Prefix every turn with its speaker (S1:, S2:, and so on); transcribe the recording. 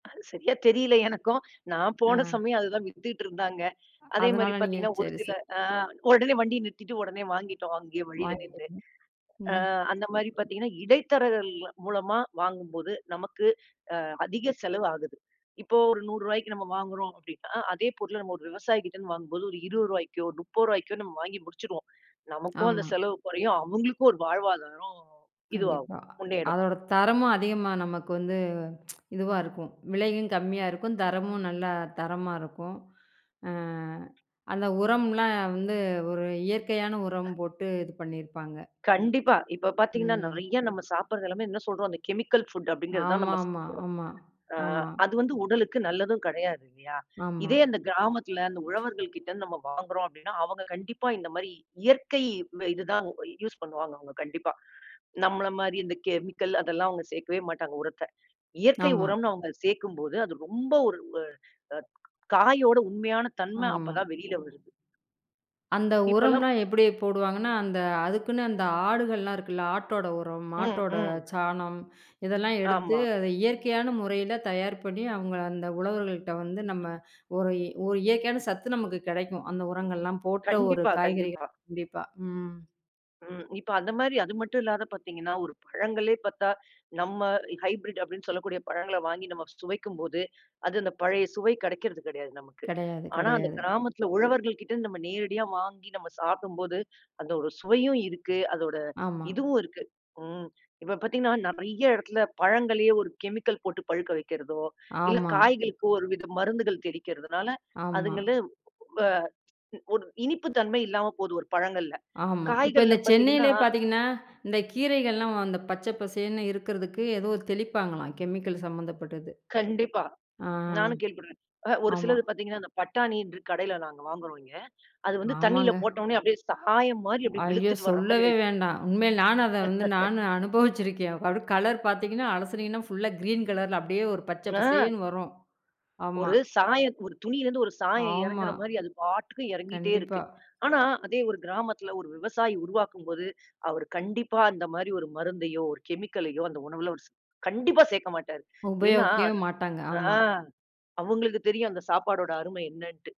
S1: அது சரியா தெரியல எனக்கும். நான் போன
S2: ம்.
S1: சமயம் அது தான் வித்துட்டு இருந்தாங்க. அதே மாரி
S2: அதனால, நீங்க
S1: பாத்தீங்கன்னா ஒரு
S2: சேரி,
S1: சில
S2: சேரி.
S1: அ ஒடனே வண்டிய நிறுத்திட்டு ஒடனே வாங்கிட்டோம் அங்கயே வழியில நின்னு.
S2: வாங்கிட்டீங்க. ம்,
S1: அ அந்த
S2: சேரி,
S1: மாரி
S2: சேரி.
S1: பாத்தீங்கன்னா இடைத்தரகள் மூலமா வாங்கும்போது நமக்கு அ அதிக செலவு ஆகுது. இப்போ ஒரு ரூ.100க்கு நம்ம வாங்குறோம் அப்டினா அதே பொருள நம்ம ஒரு விவசாயி கிட்ட இருந்து வாங்கும்போது ஒரு ரூ.20க்கோ, ரூ.30க்கோ நம்ம வாங்கி முடிச்சிருவோம். நமக்கும் அந்த
S2: ஆமா.
S1: செலவு குறையும். அவுங்களுக்கும் ஒரு வாழ்வாதாரம் இது ஆகும்.
S2: கண்டிப்பா.
S1: முன்னேறும்.
S2: அதோட தரமும் அதிகமா நமக்கு வந்து இதுவா இருக்கும். விலையும் கம்மியா இருக்கும். தரமும் நல்லா தரமா இருக்கும். அ அந்த உரம்லாம் வந்து ஒரு இயற்கையான உரம் போட்டு இது பண்ணிருப்பாங்க.
S1: கண்டிப்பா. இப்ப பாத்தீங்கன்னா
S2: ம்.
S1: நெறையா நம்ம சாப்பிடுறது எல்லாமே என்ன சொல்றோம் அந்த கெமிக்கல் ஃபுட் அப்படிங்கறத தான்
S2: ஆமா,
S1: நம்ம
S2: ஆமா,
S1: சாப்பிடறோம்.
S2: ஆமா,
S1: அ,
S2: ஆமா.
S1: அது வந்து உடலுக்கும் நல்லதும் கிடையாது இல்லையா?
S2: ஆமா.
S1: இதே அந்த கிராமத்துல அந்த உழவர்கள்கிட்ட இருந்து நம்ம வாங்குறோம் அப்படின்னா அவங்க கண்டிப்பா இந்த மாதிரி இயற்கை ம இது தான் யூஸ் பண்ணுவாங்க அவங்க கண்டிப்பா. நம்மள மாரி இந்த கெமிக்கல் அதெல்லாம் அவங்க சேர்க்கவே மாட்டாங்க உரத்த. இயற்கை
S2: ஆமா.
S1: உரம்னு அவங்க சேக்கும்போது அது ரொம்ப ஒரு ஒ அ காயோட உண்மையான தன்ம அப்ப
S2: ஆமா,
S1: தான் வெளியில வருது.
S2: அந்த
S1: இப்பல்லாம்
S2: உரம்லாம் எப்டி போடுவாங்கன்னா, அந்த அதுக்குன்னு அந்த ஆடுகள்லாம் இருக்குல்ல, ஆட்டோட உரம்,
S1: ம்,
S2: மாட்டோட
S1: ம்.
S2: சாணம் இதெல்லாம் எடுத்து,
S1: ஆமா.
S2: அத இயற்கையான முறையில தயார் பண்ணி அவங்க அந்த உழவர்கள்கிட்ட வந்து நம்ம ஒரு ஒரு இயற்கையான சத்து நமக்குக் கெடைக்கும். அந்த உரங்கள் எல்லாம் போட்ட ஒரு
S1: கண்டிப்பா,
S2: காய்கறி
S1: கண்டிப்பா.
S2: கண்டிப்பா, ம்.
S1: ம். இப்ப அந்த மாரி அது மட்டும் இல்லாத பார்த்தீங்கன்னா ஒரு பழங்களே பார்த்தா, நம்ம ஹைபிரிட் அப்படின்னு சொல்லக்கூடிய பழங்கள வாங்கி நம்ம சுவைக்கும்போது, அது அந்த பழைய சுவை கிடைக்கிறது கெடையாது நமக்கு.
S2: கடையாது,
S1: ஆனா
S2: கடையாது.
S1: அந்தக் கிராமத்துல உழவர்கள்கிட்டருந்து நம்ம நேரடியா வாங்கி நம்ம சாப்பிடும்போது, அந்த ஒரு சுவையும் இருக்கு. அதோட
S2: ஆமா.
S1: இதுவும் இருக்கு. ம், இப்ப பாத்தீங்கன்னா நெறையா இடத்துல பழங்களையே ஒரு கெமிக்கல் போட்டுப் பழுக்க வைக்கிறதோ, இல்ல
S2: ஆமா.
S1: காய்களுக்கு ஒருவித மருந்துகள் தெளிக்கிறதுனால
S2: ஆமா.
S1: அதுங்களும், அ ம் ஒரு இனிப்பு தன்மை இல்லாம போகுது. ஒரு பழங்கள்ல,
S2: ஆமா, இப்ப
S1: காய்கள்ல
S2: இந்த
S1: பாத்தீங்கன்னா
S2: சென்னையிலே பார்த்தீங்கன்னா, இந்தக் கீரைகள்லாம் அந்த பச்சை பசேல்னு இருக்கிறதுக்கு ஏதோ தெளிப்பாங்களாம் கெமிக்கல் சம்பந்தப்பட்டது.
S1: கண்டிப்பா.
S2: அ
S1: நானும் கேள்விபட்டுருக்கேன் அ, ஒரு
S2: ஆமா.
S1: சிலது பாத்தீங்கன்னா இந்த பட்டாணின்று கடைல நாங்க வாங்குவோம் இங்க. அது வந்து தண்ணியில
S2: ஆமாங்க.
S1: போட்டவுடனே அப்படியே சாயம் மாரி அப்படி
S2: ஐயோ!
S1: வெளுத்துட்டு வர்ற மாரி
S2: சொல்லவே
S1: ஆயிடும்.
S2: வேண்டாம். உண்மையிலே நானும் அத வந்து நானு அனுபவிச்சிருக்கேன். அது கலர் பார்த்தீங்கன்னா அலசினீங்கன்னா ஃபுள்ளா கிறீன் கலர்ல அப்படியே ஒரு பச்சை
S1: ஆ.
S2: பசேல்னு வரும். ஆமா,
S1: ஒரு சாயம் ஒரு துணியிலிருந்து ஒரு சாயம்
S2: ஆமா,
S1: எறங்குற மாரி அது பாட்டுக்கு எறங்கிட்டே
S2: கண்டிப்பா.
S1: இருக்கு. ஆனா அதே ஒரு கிராமத்துல ஒரு விவசாயி உருவாக்கும்போது, அவர் கண்டிப்பா அந்த மாரி ஒரு மருந்தையோ, ஒரு கெமிக்கலயோ அந்த உணவுல கண்டிப்பா சேர்க்க மாட்டாரு. ஏன்னா
S2: உபயோகிக்கவே மாட்டாங்க.
S1: ஆ.
S2: ஆமா.
S1: அவுங்களுக்கு தெரியும் அந்த சாப்பாடோட அருமை என்னன்ட்டு.